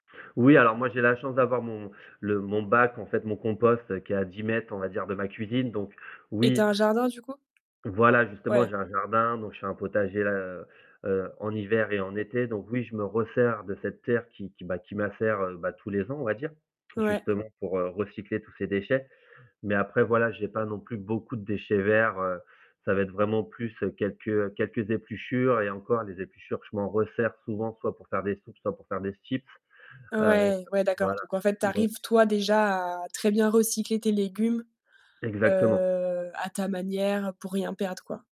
Oui, alors, moi j'ai la chance d'avoir mon le mon bac en fait, mon compost qui est à 10 m on va dire de ma cuisine, donc Et tu oui. as un jardin, du coup? Voilà justement Ouais. j'ai un jardin, donc je fais un potager, heu heu, en hiver et en été, donc oui, je me resserre de cette terre qui qui m'a qui macère, heu, bah, tous les ans on va dire, Ouais. justement pour, heu, recycler tous ces déchets, mais après voilà, j'ai pas non plus beaucoup de déchets verts, heu, ça va être vraiment plus, heu, quelques quelques épluchures et encore les épluchures, je m'en resserre souvent, soit pour faire des soupes, soit pour faire des chips, heu Ouais, ouais d'accord, voilà, donc en fait, tu exact arrives toi, déjà à très bien recycler tes légumes, Exactement. heu, à ta manière pour rien perdre quoi.